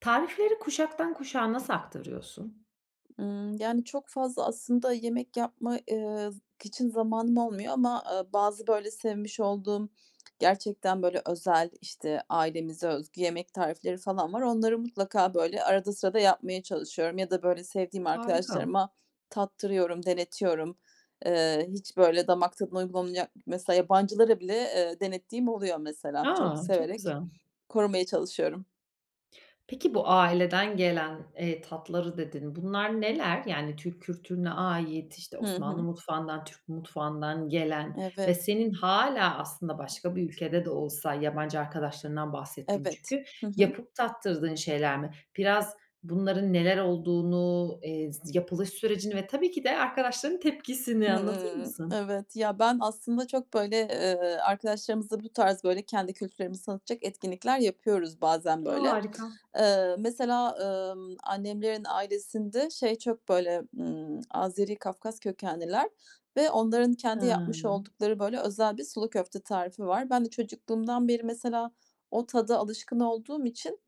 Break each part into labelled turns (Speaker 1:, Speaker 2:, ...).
Speaker 1: Tarifleri kuşaktan kuşağa nasıl aktarıyorsun?
Speaker 2: Hımm, yani, çok fazla aslında yemek yapma, eee, z k için zamanım olmuyor ama, aaa, bazı, böyle, sevmiş olduğum, gerçekten, böyle, özel, işte, ailemize özgü yemek tarifleri falan var. Onları mutlaka, böyle, arada sırada yapmaya çalışıyorum ya da, böyle, sevdiğim
Speaker 1: Harika.
Speaker 2: arkadaşlarıma tattırıyorum, denetiyorum. Eee, hiç, böyle, damak tadına uygun olmayacak Mesela yabancılara bile, eee, denettiğim oluyor mesela. Çok
Speaker 1: A, çok
Speaker 2: severek
Speaker 1: güzel.
Speaker 2: korumaya çalışıyorum.
Speaker 1: Peki bu, aileden gelen, eee, tatları, dedin. Bunlar neler? Yani, Türk kültürüne ait, işte,
Speaker 2: Hı
Speaker 1: Osmanlı
Speaker 2: hı.
Speaker 1: mutfağından, Türk mutfağından gelen ve
Speaker 2: Evet.
Speaker 1: senin hâlâ aslında başka bir ülkede de olsa, yabancı arkadaşlarından bahsettin
Speaker 2: Evet.
Speaker 1: çünkü,
Speaker 2: Hı hı.
Speaker 1: yapıp tattırdığın şeyler mi? Biraz bunların neler olduğunu, eee, z yapılış sürecini ve tabii ki de arkadaşlarının tepkisini anlatır
Speaker 2: Hımm.
Speaker 1: mısın?
Speaker 2: Evet. Ya, ben aslında çok, böyle, eee, arkadaşlarımızla bu tarz, böyle, kendi kültürlerimizi tanıtacak etkinlikler yapıyoruz bazen, böyle.
Speaker 1: Harika.
Speaker 2: Eee, mesela, ımm, annemlerin ailesinde şey çok, böyle, ımm, Azeri, Kafkas kökenliler ve onların kendi yapmış
Speaker 1: [unintelligible]
Speaker 2: oldukları, böyle, özel bir sulu köfte tarifi var. Ben de çocukluğumdan beri mesela o tada alışkın olduğum için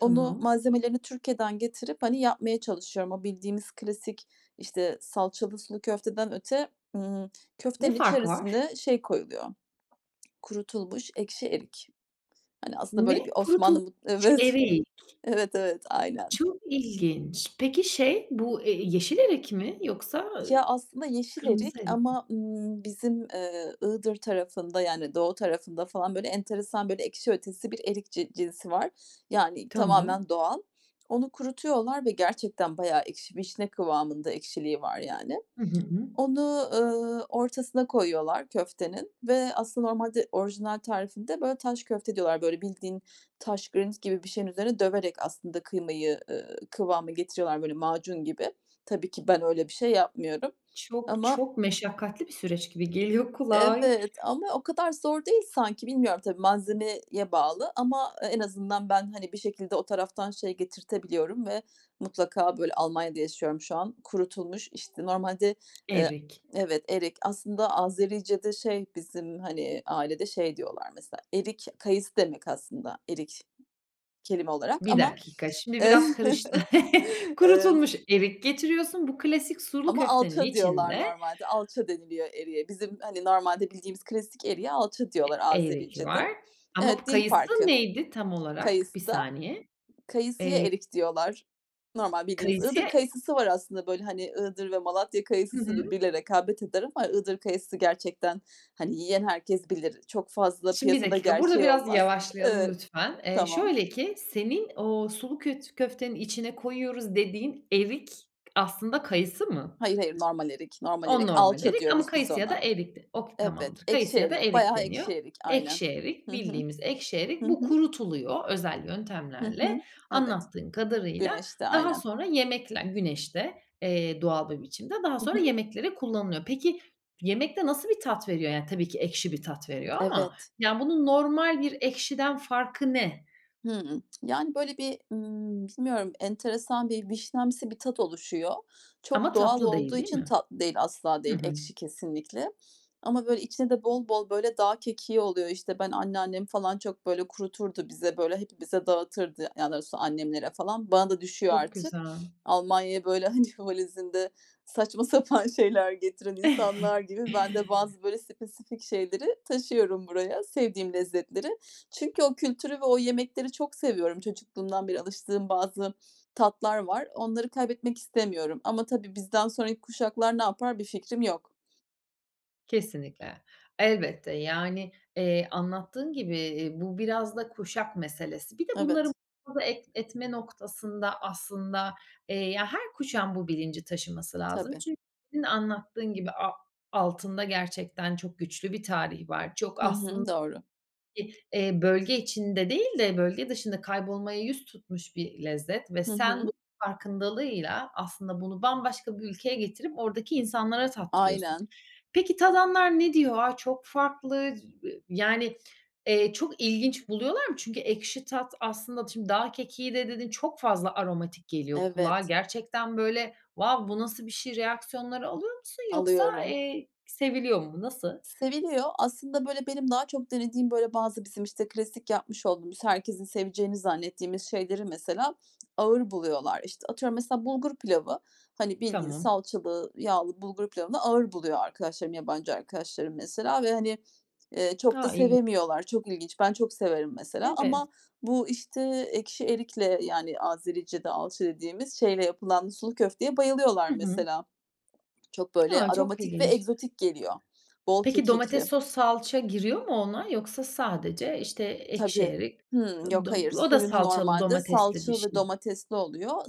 Speaker 2: onu malzemelerini Türkiye'den getirip, hani, yapmaya çalışıyorum. O bildiğimiz klasik, işte, salçalı sulu köfteden öte, ımm,
Speaker 1: Ne
Speaker 2: köftenin
Speaker 1: farkı var?
Speaker 2: içerisine şey koyuluyor, kurutulmuş ekşi erik. Hani, aslında böyle
Speaker 1: Ne?
Speaker 2: bir Osmanlı mu
Speaker 1: Kurutulmuş
Speaker 2: Evet.
Speaker 1: erik.
Speaker 2: Evet, evet aynen.
Speaker 1: Çok ilginç. Peki, şey bu e e yeşil erik mi yoksa, ııı,
Speaker 2: Ya, aslında yeşil
Speaker 1: kırmızı
Speaker 2: erik
Speaker 1: erik mi?
Speaker 2: ama, ımm, bizim, eee, Iğdır tarafında, yani, doğu tarafında falan, böyle, enteresan, böyle, ekşi ötesi bir erik ci cinsi var. Yani,
Speaker 1: Tamam.
Speaker 2: tamamen doğal. Onu kurutuyorlar ve gerçekten bayağı ekşi, vişne kıvamında ekşiliği var, yani.
Speaker 1: Hı hı, hıı.
Speaker 2: Onu, ııı, ortasına koyuyorlar köftenin ve aslında normalde orijinal tarifinde, böyle, taş köfte diyorlar. Böyle, bildiğin taş, granit gibi bir şeyin üzerinde döverek aslında kıymayı, ııı, kıvama getiriyorlar, böyle, macun gibi. Tabii ki ben öyle bir şey yapmıyorum.
Speaker 1: Çok
Speaker 2: Ama
Speaker 1: çok meşakkatli bir süreç gibi geliyor kulağa.
Speaker 2: Evet. Ama o kadar zor değil sanki. Bilmiyorum tabii malzemeye bağlı ama e en azından ben, hani, bir şekilde o taraftan şey getirtebiliyorum ve mutlaka, böyle Almanya'da yaşıyorum şu an. Kurutulmuş, işte, normalde, eee
Speaker 1: Erik.
Speaker 2: Evet, erik. Aslında Azericede şey bizim, hani, ailede şey diyorlar mesela, erik kayısı demek aslında erik kelime olarak.
Speaker 1: 1
Speaker 2: Ama
Speaker 1: dakika, şimdi biraz karıştı.
Speaker 2: Evet.
Speaker 1: Kurutulmuş erik getiriyorsun. Bu klasik sulu
Speaker 2: Ama
Speaker 1: köftenin
Speaker 2: "alça" diyorlar
Speaker 1: içinde
Speaker 2: normalde, "alça" deniliyor eriğe. Bizim, hani, normalde bildiğimiz klasik eriğe "alça"
Speaker 1: E
Speaker 2: diyorlar
Speaker 1: erik
Speaker 2: Azericede.
Speaker 1: var. Ama bu
Speaker 2: Evet, dil
Speaker 1: kayısı
Speaker 2: farkı.
Speaker 1: neydi tam olarak? 1
Speaker 2: Kayısı da
Speaker 1: saniye.
Speaker 2: Kayısıya
Speaker 1: Eee
Speaker 2: erik diyorlar. Normal bildiğimiz. Iğdır
Speaker 1: Kayısıya
Speaker 2: Kayısısı var aslında, böyle, hani, Iğdır ve Malatya
Speaker 1: Hı
Speaker 2: Kayısısı
Speaker 1: hı.
Speaker 2: birbiriyle rekabet eder ama Iğdır Kayısısı gerçekten, hani, yiyen herkes bilir. Çok fazla
Speaker 1: Şimdi 1
Speaker 2: piyasada
Speaker 1: dakika, burada
Speaker 2: gerçeği
Speaker 1: biraz
Speaker 2: olmaz.
Speaker 1: yavaşlayalım
Speaker 2: Evet.
Speaker 1: lütfen. Eee,
Speaker 2: Tamam.
Speaker 1: şöyle ki senin o sulu köt köftenin içine koyuyoruz dediğin erik aslında kayısı mı?
Speaker 2: Hayır, hayır normal erik, normal
Speaker 1: O
Speaker 2: erik.
Speaker 1: normal
Speaker 2: "Alça"
Speaker 1: erik ama
Speaker 2: diyoruz biz
Speaker 1: kayısı ya da
Speaker 2: ona.
Speaker 1: erik de Oke
Speaker 2: Evet.
Speaker 1: tamamdır kayısı
Speaker 2: Ekşi
Speaker 1: ya da
Speaker 2: erik.
Speaker 1: erik
Speaker 2: Bayağı
Speaker 1: deniyor.
Speaker 2: ekşi erik. Aynen.
Speaker 1: Ekşi erik,
Speaker 2: Hı hı.
Speaker 1: bildiğimiz ekşi erik.
Speaker 2: Hı
Speaker 1: Bu
Speaker 2: hı.
Speaker 1: kurutuluyor özel
Speaker 2: Hı
Speaker 1: yöntemlerle
Speaker 2: hı. Evet.
Speaker 1: anlattığın kadarıyla.
Speaker 2: Güneşte.
Speaker 1: Daha
Speaker 2: Aynen.
Speaker 1: sonra yemekle Güneşte, eee, doğal bir biçimde, daha
Speaker 2: Hı
Speaker 1: sonra
Speaker 2: hı.
Speaker 1: yemeklere kullanılıyor. Peki, yemekte nasıl bir tat veriyor? Yani, tabii ki ekşi bir tat veriyor ama,
Speaker 2: Evet.
Speaker 1: yani, bunun normal bir ekşiden farkı ne?
Speaker 2: Hımm. Yani, böyle, bir, ımm, bilmiyorum enteresan bir vişnemsi bir tat oluşuyor.
Speaker 1: Ama
Speaker 2: Çok doğal
Speaker 1: tatlı değil,
Speaker 2: olduğu
Speaker 1: değil
Speaker 2: için
Speaker 1: mi?
Speaker 2: Tatlı değil, asla
Speaker 1: Hı
Speaker 2: değil.
Speaker 1: hı.
Speaker 2: Ekşi kesinlikle. Ama, böyle, içinde de bol bol, böyle, dağ kekiği oluyor. İşte, ben anneannem falan çok, böyle, kuruturdu bize, böyle, hepimize dağıtırdı, yani, daha doğrusu annemlere falan. Bana da düşüyor
Speaker 1: Çok
Speaker 2: artık.
Speaker 1: güzel.
Speaker 2: Almanya'ya, böyle, hani, valizinde saçma sapan şeyler getiren insanlar gibi ben de bazı, böyle, spesifik şeyleri taşıyorum buraya, sevdiğim lezzetleri. Çünkü o kültürü ve o yemekleri çok seviyorum. Çocukluğumdan beri alıştığım bazı tatlar var, onları kaybetmek istemiyorum ama tabii bizden sonraki kuşaklar ne yapar? Bir fikrim yok.
Speaker 1: Kesinlikle. Elbette, yani, eee, anlattığın gibi, eee, bu biraz da kuşak meselesi. Bir de bunları
Speaker 2: Evet.
Speaker 1: [unintelligible] et etme noktasında aslında, eee, ya her kuşağın bu bilinci taşıması lazım
Speaker 2: Tabii.
Speaker 1: çünkü senin anlattığın gibi, a-altında gerçekten çok güçlü bir tarih var. Çok
Speaker 2: Hı
Speaker 1: aslın
Speaker 2: hı, doğru.
Speaker 1: [unintelligible] eee, bölge içinde değil de bölge dışında kaybolmaya yüz tutmuş bir lezzet ve
Speaker 2: Hı
Speaker 1: sen
Speaker 2: hı.
Speaker 1: bu farkındalığıyla aslında bunu bambaşka bir ülkeye getirip oradaki insanlara tattırıyorsun.
Speaker 2: Aynen.
Speaker 1: Peki, tadanlar ne diyor? "A! Çok farklı." [unintelligible] yani, eee, çok ilginç buluyorlar mı? Çünkü ekşi tat aslında, şimdi dağ kekiği de dedin, çok fazla aromatik geliyor kulağa.
Speaker 2: Evet.
Speaker 1: Gerçekten, böyle, wow, "Bu nasıl bir şey?" reaksiyonları alıyor musun yoksa,
Speaker 2: Alıyorum.
Speaker 1: eee, seviliyor mu? Nasıl?
Speaker 2: Seviliyor. Aslında, böyle, benim daha çok denediğim, böyle, bazı bizim, işte, klasik yapmış olduğumuz, herkesin seveceğini zannettiğimiz şeyleri mesela ağır buluyorlar. İşte, atıyorum mesela bulgur pilavı, hani, bildiğin
Speaker 1: Tamam.
Speaker 2: salçalı, yağlı bulgur pilavını ağır buluyor arkadaşlarım, yabancı arkadaşlarım mesela ve hani, eee, çok da
Speaker 1: A! [unintelligible]
Speaker 2: sevemiyorlar. Çok ilginç. Ben çok severim mesela
Speaker 1: Evet.
Speaker 2: ama bu, işte, ekşi erikle, yani Azericede alçı dediğimiz şeyle yapılan sulu köfteye bayılıyorlar
Speaker 1: Hı hı.
Speaker 2: mesela. Çok böyle
Speaker 1: A! Çok
Speaker 2: aromatik ve
Speaker 1: ilginç.
Speaker 2: egzotik geliyor. Bol
Speaker 1: Peki, domates,
Speaker 2: kekikli.
Speaker 1: sos, salça giriyor mu ona? Yoksa sadece, işte, ekşi
Speaker 2: Tabii.
Speaker 1: erik
Speaker 2: Hımm,
Speaker 1: ı
Speaker 2: yok,
Speaker 1: dom
Speaker 2: hayır.
Speaker 1: O da
Speaker 2: Suyunu
Speaker 1: salçalı
Speaker 2: normalde
Speaker 1: domatesli bir
Speaker 2: salça ve
Speaker 1: şey.
Speaker 2: domatesli oluyor.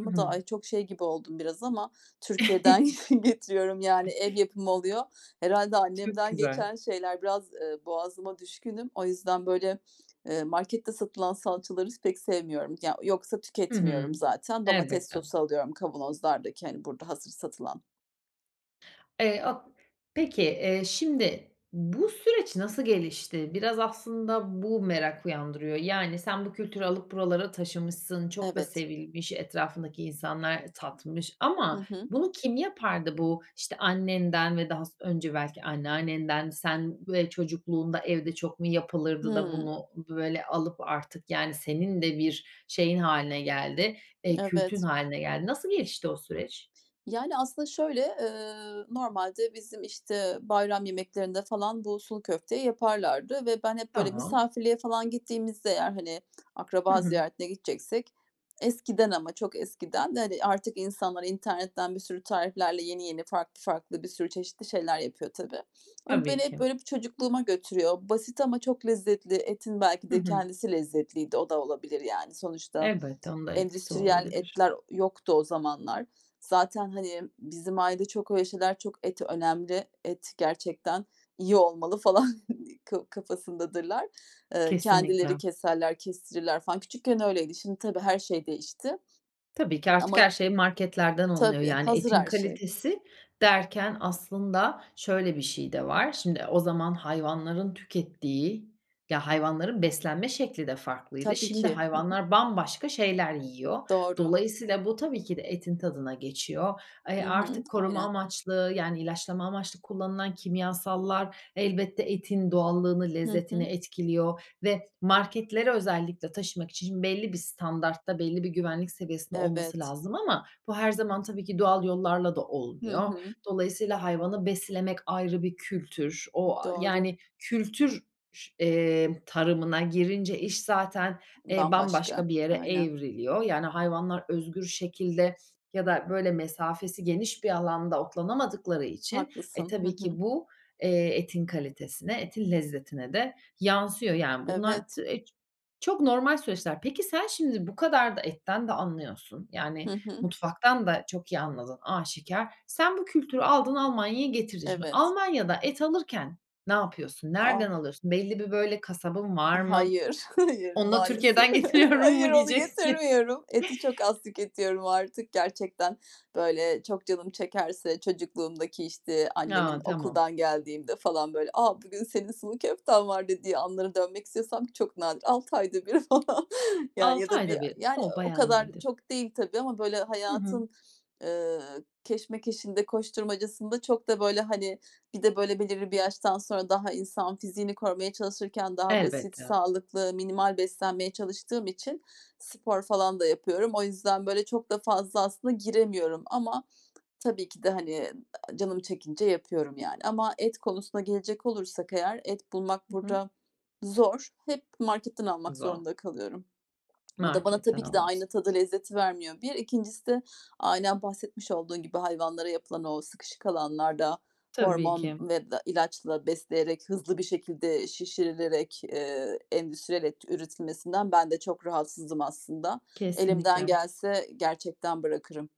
Speaker 1: Hı
Speaker 2: da
Speaker 1: hı.
Speaker 2: ay, çok şey gibi oldum biraz ama Türkiye'den getiriyorum yani ev yapımı oluyor. Herhâlde
Speaker 1: Çok
Speaker 2: annemden
Speaker 1: güzel.
Speaker 2: geçen şeyler biraz, eee, boğazıma düşkünüm. O yüzden, böyle, eee, markette satılan salçaları s pek sevmiyorum. Ya yoksa
Speaker 1: Hı hı.
Speaker 2: tüketmiyorum zaten. Domates
Speaker 1: Elbette.
Speaker 2: sosu alıyorum kavanozlardaki, hani, burada hazır satılan.
Speaker 1: Eee [unintelligible] Peki, eee, şimdi bu süreç nasıl gelişti? Biraz aslında bu merak uyandırıyor. Yani, sen bu kültürü alıp buralara taşımışsın, çok da
Speaker 2: Evet.
Speaker 1: sevilmiş, etrafındaki insanlar tatmış
Speaker 2: Hı
Speaker 1: ama
Speaker 2: hı.
Speaker 1: bunu kim yapardı? Bu işte annenden ve daha s önce belki anneannenden sen ve çocukluğunda evde çok mu yapılırdı da
Speaker 2: Hımm.
Speaker 1: bunu böyle alıp artık, yani, senin de bir şeyin hâline geldi, eee, kültün
Speaker 2: Evet.
Speaker 1: hâline geldi. Nasıl gelişti o süreç?
Speaker 2: Yani, aslında şöyle, ııı, normalde bizim, işte bayram yemeklerinde falan bu sulu köfteyi yaparlardı ve ben hep böyle
Speaker 1: Tamam.
Speaker 2: misafirliğe falan gittiğimizde eğer, hani,
Speaker 1: Hı
Speaker 2: akraba
Speaker 1: hı.
Speaker 2: ziyaretine gideceksek eskiden ama çok eskiden de, hani, artık insanlar internetten bir sürü tariflerle yeni yeni farklı farklı bir sürü çeşitli şeyler yapıyor tabii. Ama
Speaker 1: Tabii
Speaker 2: beni hep
Speaker 1: ki.
Speaker 2: böyle bir çocukluğuma götürüyor. Basit ama çok lezzetli. Etin belki
Speaker 1: Hı
Speaker 2: de
Speaker 1: hı.
Speaker 2: kendisi lezzetliydi. O da olabilir yani. Sonuçta
Speaker 1: Elbette onun da etkisi
Speaker 2: endüstriyel
Speaker 1: olabilir.
Speaker 2: etler yoktu o zamanlar. Zaten, hani, bizim ailede çok öyle şeyler, çok et önemli. Et gerçekten iyi olmalı falan ka kafasındadırlar. Eee,
Speaker 1: Kesinlikle.
Speaker 2: kendileri keserler, kestirirler falan. Küçükken öyleydi. Şimdi tabii her şey değişti
Speaker 1: Tabii ki artık
Speaker 2: ama.
Speaker 1: her şey marketlerden alınıyor.
Speaker 2: Tabii
Speaker 1: Yani,
Speaker 2: hazır
Speaker 1: etin
Speaker 2: her şey.
Speaker 1: kalitesi derken aslında şöyle bir şey de var. Şimdi o zaman hayvanların tükettiği, ya hayvanların beslenme şekli de farklıydı.
Speaker 2: Tabii
Speaker 1: Şimdi
Speaker 2: ki, hı hı.
Speaker 1: hayvanlar bambaşka şeyler yiyor.
Speaker 2: Doğru.
Speaker 1: Dolayısıyla bu tabii ki de etin tadına geçiyor. E,
Speaker 2: Hı hı,
Speaker 1: artık koruma
Speaker 2: aynen.
Speaker 1: amaçlı, yani ilaçlama amaçlı kullanılan kimyasallar elbette etin doğallığını,
Speaker 2: Hı
Speaker 1: lezzetini
Speaker 2: hı.
Speaker 1: etkiliyor ve marketlere özellikle taşımak için belli bir standartta, belli bir güvenlik seviyesinde olması
Speaker 2: Evet.
Speaker 1: lazım. Ama bu her zaman tabii ki doğal yollarla da
Speaker 2: Hı
Speaker 1: olmuyor.
Speaker 2: hı.
Speaker 1: Dolayısıyla hayvanı beslemek ayrı bir kültür. O, aaa,
Speaker 2: Doğru.
Speaker 1: yani, kültür ş eee, tarımına girince iş zaten, eee,
Speaker 2: Bambaşka.
Speaker 1: bambaşka bir yere
Speaker 2: Aynen.
Speaker 1: evriliyor. Yani, hayvanlar özgür şekilde ya da böyle mesafesi geniş bir alanda otlanamadıkları için, e,
Speaker 2: Haklısın. Hı
Speaker 1: tabii
Speaker 2: hı.
Speaker 1: ki bu, eee, etin kalitesine, etin lezzetine de yansıyor. Yani, bunlar
Speaker 2: Evet.
Speaker 1: t e, çok normal süreçler. Peki sen şimdi bu kadar da etten de anlıyorsun. Yani,
Speaker 2: Hı hı.
Speaker 1: mutfaktan da çok iyi anladığın aşikâr. Sen bu kültürü aldın Almanya'ya getirdin şimdi.
Speaker 2: Evet.
Speaker 1: Almanya'da et alırken ne yapıyorsun? Nereden
Speaker 2: A.
Speaker 1: alıyorsun? Belli bir böyle kasabın var mı?
Speaker 2: Hayır, hayır,
Speaker 1: Onu da
Speaker 2: maalesef.
Speaker 1: Türkiye'den getiriyorum
Speaker 2: Hayır,
Speaker 1: mu
Speaker 2: onu
Speaker 1: diyeceksin?
Speaker 2: getirmiyorum. Eti çok az tüketiyorum artık. Gerçekten böyle çok canım çekerse çocukluğumdaki işte
Speaker 1: A,
Speaker 2: annemin
Speaker 1: tamam.
Speaker 2: okuldan geldiğimde falan böyle, a, bugün senin sulu köften var dediği anlara dönmek istesem çok nadir. 6 ayda 1 falan. Yani, ya
Speaker 1: 6
Speaker 2: da 1
Speaker 1: ayda bir.
Speaker 2: yani,
Speaker 1: O,
Speaker 2: ııı, o
Speaker 1: bayağı
Speaker 2: kadar
Speaker 1: nadir.
Speaker 2: çok değil tabii ama böyle
Speaker 1: Hı hı.
Speaker 2: hayatın, ııı, keşmekeşinde, koşturmacasında çok da böyle, hani, bir de böyle belirli bir yaştan sonra daha insan fiziğini korumaya çalışırken daha basit,
Speaker 1: Elbette.
Speaker 2: sağlıklı, minimal beslenmeye çalıştığım için spor falan da yapıyorum. O yüzden böyle çok da fazla aslında giremiyorum ama tabii ki de, hani, aaa, canım çekince yapıyorum yani ama et konusuna gelecek olursak eğer et bulmak
Speaker 1: Hı hı.
Speaker 2: burada zor. Hep marketten almak
Speaker 1: Güzel.
Speaker 2: zorunda kalıyorum. O da bana
Speaker 1: Marketten
Speaker 2: tabii ki de
Speaker 1: alıyorsun.
Speaker 2: aynı tadı lezzeti vermiyor 1. 2'ncisi de aynen bahsetmiş olduğun gibi hayvanlara yapılan o sıkışık alanlarda
Speaker 1: Tabii
Speaker 2: hormon
Speaker 1: ki.
Speaker 2: ve da ilaçla besleyerek, hızlı bir şekilde şişirilerek, eee, endüstriyel et üretilmesinden ben de çok rahatsızım aslında. Elimden
Speaker 1: Kesinlikle.
Speaker 2: gelse gerçekten bırakırım.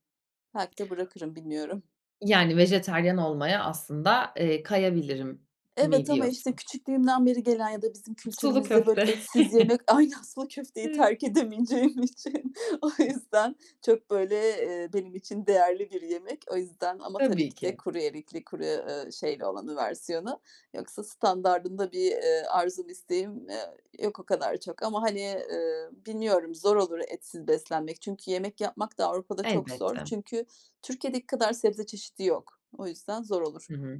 Speaker 2: Belki de bırakırım, bilmiyorum.
Speaker 1: Yani, vejetaryen olmaya aslında, eee, kayabilirim mi
Speaker 2: Evet ama işte
Speaker 1: diyorsun?
Speaker 2: küçüklüğümden beri gelen ya da bizim
Speaker 1: Sulu
Speaker 2: kültürümüzde böyle
Speaker 1: köfte.
Speaker 2: etsiz yemek, aynı aslında köfteyi
Speaker 1: Evet.
Speaker 2: terk edemeyeceğim için. O yüzden çok böyle, eee, benim için değerli bir yemek. O yüzden ama tabii
Speaker 1: Tabii
Speaker 2: ki de
Speaker 1: ki.
Speaker 2: kuru erikli, kuru, eee, şeyli olanı versiyonu yoksa standardında bir, eee, arzum, isteğim, eee, yok o kadar çok ama hani, eee, bilmiyorum zor olur etsiz beslenmek. Çünkü yemek yapmak da Avrupa'da çok zor
Speaker 1: Elbette.
Speaker 2: çünkü Türkiye'deki kadar sebze çeşidi yok. O yüzden zor olur.
Speaker 1: Hı hı.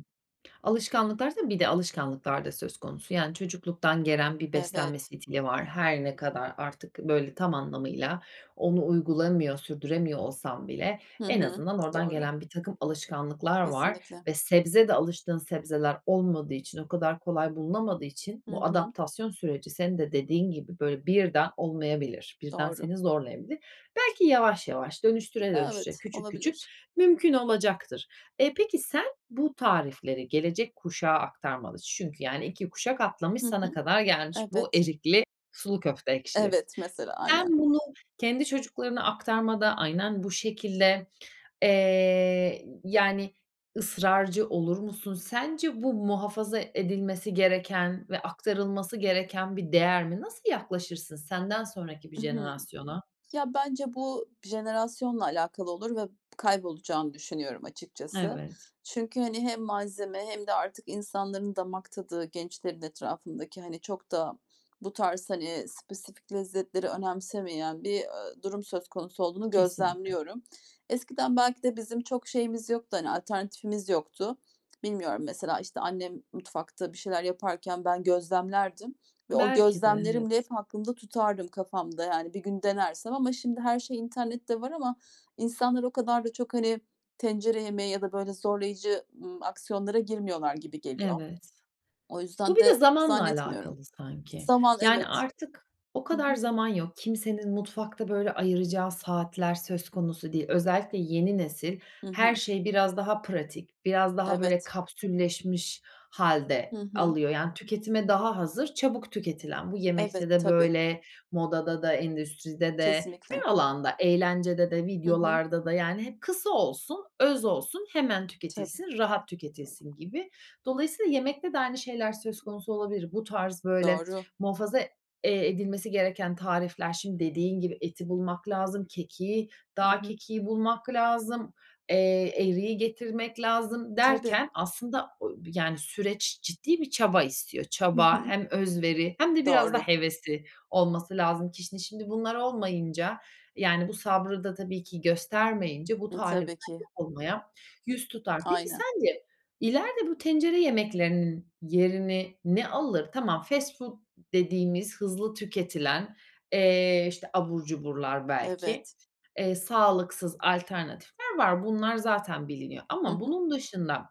Speaker 1: Alışkanlıklarsa bir de alışkanlıklar da söz konusu. Yani, çocukluktan gelen bir beslenme
Speaker 2: Evet.
Speaker 1: stili var. Her ne kadar artık böyle tam anlamıyla onu uygulamıyor, sürdüremiyor olsam bile
Speaker 2: Hı
Speaker 1: en
Speaker 2: hı,
Speaker 1: azından oradan
Speaker 2: doğru.
Speaker 1: gelen birtakım alışkanlıklar var
Speaker 2: Kesinlikle.
Speaker 1: ve sebze de alıştığın sebzeler olmadığı için, o kadar kolay bulunamadığı için
Speaker 2: Hı
Speaker 1: bu
Speaker 2: hı.
Speaker 1: adaptasyon süreci senin de dediğin gibi böyle birden olmayabilir, birden
Speaker 2: Doğru.
Speaker 1: seni zorlayabilir. Belki yavaş yavaş, dönüştüre
Speaker 2: Aaa,
Speaker 1: dönüştüre,
Speaker 2: evet,
Speaker 1: küçük küçük
Speaker 2: olabilir.
Speaker 1: mümkün olacaktır. E, peki sen bu tarifleri gelecek kuşağa aktarmalısın çünkü yani 2 kuşak atlamış,
Speaker 2: Hı
Speaker 1: sana
Speaker 2: hı.
Speaker 1: kadar gelmiş bu
Speaker 2: Evet.
Speaker 1: erikli sulu köfte ekşili.
Speaker 2: Evet, mesela. Aynen.
Speaker 1: Sen bunu kendi çocuklarına aktarmada aynen bu şekilde, eee, y yani ısrarcı olur musun? Sence bu muhafaza edilmesi gereken ve aktarılması gereken bir değer mi? Nasıl yaklaşırsın senden sonraki bir
Speaker 2: I hı.
Speaker 1: jenerasyona?
Speaker 2: Ya, bence bu jenerasyonla alakalı olur ve kaybolacağını düşünüyorum açıkçası.
Speaker 1: Evet.
Speaker 2: Çünkü, hani, hem malzeme hem de artık insanların damak tadı, gençlerin etrafındaki, hani, çok da bu tarz hani spesifik lezzetleri önemsemeyen bir, eee, durum söz konusu olduğunu
Speaker 1: Kesinlikle.
Speaker 2: gözlemliyorum. Eskiden belki de bizim çok şeyimiz yoktu, hani alternatifimiz yoktu. Bilmiyorum mesela işte annem mutfakta bir şeyler yaparken ben gözlemlerdim ve o
Speaker 1: Belki de,
Speaker 2: gözlemlerimle
Speaker 1: evet.
Speaker 2: hep aklımda tutardım kafamda, yani. Bir gün denersem ama şimdi her şey internette var ama insanlar o kadar da çok hani tencere yemeği ya da böyle zorlayıcı, ımm, aksiyonlara girmiyorlar gibi geliyor.
Speaker 1: Evet.
Speaker 2: O
Speaker 1: Bu
Speaker 2: yüzden
Speaker 1: bir de
Speaker 2: de
Speaker 1: zamanla
Speaker 2: zannetmiyorum.
Speaker 1: alakalı sanki.
Speaker 2: Zaman,
Speaker 1: Yani,
Speaker 2: evet.
Speaker 1: artık o
Speaker 2: Hı hı.
Speaker 1: kadar zaman yok. Kimsenin mutfakta böyle ayıracağı saatler söz konusu değil. Özellikle yeni nesil,
Speaker 2: Hı
Speaker 1: her
Speaker 2: hı.
Speaker 1: şeyi biraz daha pratik, biraz daha böyle
Speaker 2: Evet.
Speaker 1: kapsülleşmiş
Speaker 2: Hı
Speaker 1: hâlde
Speaker 2: hı.
Speaker 1: alıyor, yani tüketime daha hazır çabuk tüketilen. Bu
Speaker 2: Evet,
Speaker 1: yemekte de
Speaker 2: tabii.
Speaker 1: böyle, modada da, endüstride de,
Speaker 2: Kesinlikle.
Speaker 1: her alanda; eğlencede de,
Speaker 2: Hı hı.
Speaker 1: videolarda da, yani hep kısa olsun, öz olsun, hemen
Speaker 2: Tabii.
Speaker 1: tüketilsin, rahat tüketilsin gibi. Dolayısıyla yemekte de aynı şeyler söz konusu olabilir. Bu tarz böyle
Speaker 2: Doğru.
Speaker 1: muhafaza, eee, edilmesi gereken tarifler şimdi dediğin gibi eti bulmak lazım, kekiği,
Speaker 2: Hı
Speaker 1: dağ
Speaker 2: hı.
Speaker 1: kekiği bulmak lazım, eee, eriği getirmek lazım
Speaker 2: Tabii.
Speaker 1: derken aslında o bir yani süreç ciddi bir çaba istiyor.
Speaker 2: Hı
Speaker 1: Çaba
Speaker 2: hı.
Speaker 1: hem özveri hem de biraz da
Speaker 2: Doğru.
Speaker 1: hevesi olması lazım kişinin. Şimdi bunlar olmayınca, yani, bu sabrı da tabii ki göstermeyince bu tarifler
Speaker 2: Tabii ki.
Speaker 1: unutulmaya yüz tutar. Peki
Speaker 2: Aynen.
Speaker 1: sence ileride bu tencere yemeklerinin yerini ne alır? Tamam, fast food dediğimiz hızlı tüketilen, eee, işte abur cuburlar
Speaker 2: Evet.
Speaker 1: belki, eee, sağlıksız alternatifler var. Bunlar zaten biliniyor
Speaker 2: Hı
Speaker 1: ama
Speaker 2: hı.
Speaker 1: bunun dışında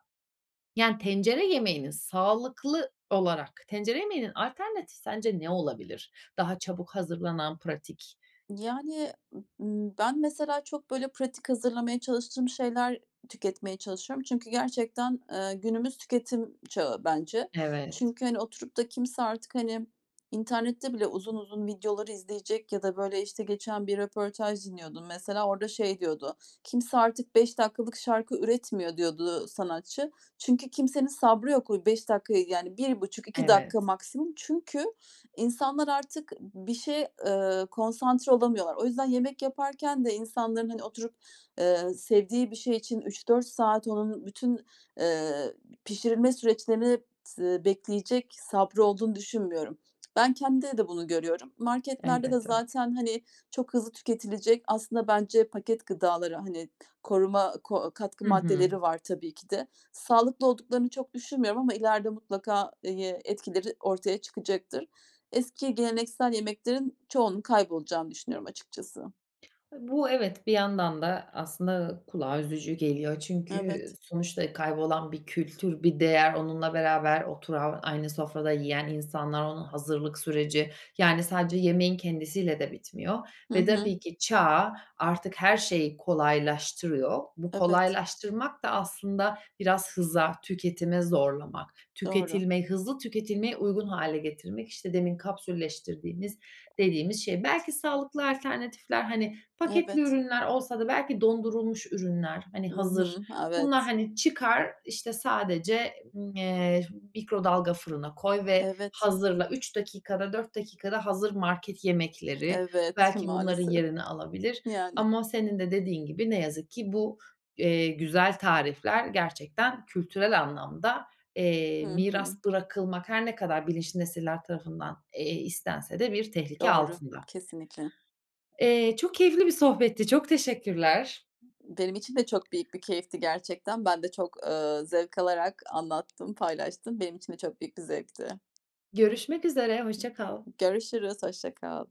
Speaker 1: yani, tencere yemeğinin sağlıklı olarak tencere yemeğinin alternatifi sence ne olabilir? Daha çabuk hazırlanan pratik.
Speaker 2: Yani, ııı, ben mesela çok böyle pratik hazırlamaya çalıştığım şeyler tüketmeye çalışıyorum çünkü gerçekten, eee, günümüz tüketim çağı bence.
Speaker 1: Evet.
Speaker 2: Çünkü, hani, oturup da kimse artık, hani, internette bile uzun uzun videoları izleyecek ya da böyle işte geçen bir röportaj dinliyordum. Mesela orada şey diyordu, kimse artık 5 dakikalık şarkı üretmiyor diyordu, ııı, sanatçı. Çünkü kimsenin sabrı yok. O 5 dakikayı, yani 1,5-2 dakika
Speaker 1: Evet.
Speaker 2: maksimum. Çünkü insanlar artık bir şeye, ııı, konsantre olamıyorlar. O yüzden yemek yaparken de insanların hani oturup, eee, sevdiği bir şey için 3-4 saat onun bütün, eee, pişirilme süreçlerini tı bekleyecek sabrı olduğunu düşünmüyorum. Ben kendimde de bunu görüyorum. Marketlerde de
Speaker 1: Elbette.
Speaker 2: zaten, hani, çok hızlı tüketilecek, aslında bence paket gıdaları, hani koruma ko katkı
Speaker 1: Hı hı.
Speaker 2: maddeleri var tabii ki de. Sağlıklı olduklarını çok düşünmüyorum ama ileride mutlaka, eye etkileri ortaya çıkacaktır. Eski geleneksel yemeklerin çoğunun kaybolacağını düşünüyorum açıkçası.
Speaker 1: E, bu evet, bir yandan da aslında kulağa üzücü geliyor. Çünkü
Speaker 2: Evet.
Speaker 1: sonuçta kaybolan bir kültür, bir değer onunla beraber oturan aynı sofrada yiyen insanlar onun hazırlık süreci, yani, sadece yemeğin kendisiyle de bitmiyor
Speaker 2: Hı
Speaker 1: ve
Speaker 2: hı.
Speaker 1: tabii ki çağ artık her şeyi kolaylaştırıyor. Bu
Speaker 2: Evet.
Speaker 1: kolaylaştırmak da aslında biraz hıza, tüketime zorlamak,
Speaker 2: Doğru.
Speaker 1: tüketilme, hızlı tüketilmeye uygun hâle getirmek. İşte demin kapsülleştirdiğimiz dediğimiz şey. Belki sağlıklı alternatifler, hani, paketli
Speaker 2: Evet.
Speaker 1: ürünler olsa da belki dondurulmuş ürünler, hani,
Speaker 2: Hı
Speaker 1: hazır.
Speaker 2: hı,
Speaker 1: Bunlar,
Speaker 2: evet.
Speaker 1: hani, çıkar, işte, sadece, eee, mikrodalga fırına koy ve
Speaker 2: Evet.
Speaker 1: hazırla. 3 dakikada 4 dakikada hazır market yemekleri
Speaker 2: Evet,
Speaker 1: belki bunların
Speaker 2: maalesef.
Speaker 1: yerini alabilir
Speaker 2: Yani.
Speaker 1: ama senin de dediğin gibi ne yazık ki bu, eee, güzel tarifler gerçekten kültürel anlamda, eee,
Speaker 2: Hı
Speaker 1: miras
Speaker 2: hı.
Speaker 1: bırakılmak, her ne kadar bilinçli nesiller tarafından, eee, istense de bir tehlike
Speaker 2: Doğru,
Speaker 1: altında.
Speaker 2: kesinlikle.
Speaker 1: Eee, çok keyifli bir sohbetti. Çok teşekkürler.
Speaker 2: Benim için de çok büyük bir keyifti gerçekten. Ben de çok, eee, zevk alarak anlattım, paylaştım. Benim için de çok büyük bir zevkti.
Speaker 1: Görüşmek üzere, hoşça kal.
Speaker 2: Görüşürüz, hoşça kal.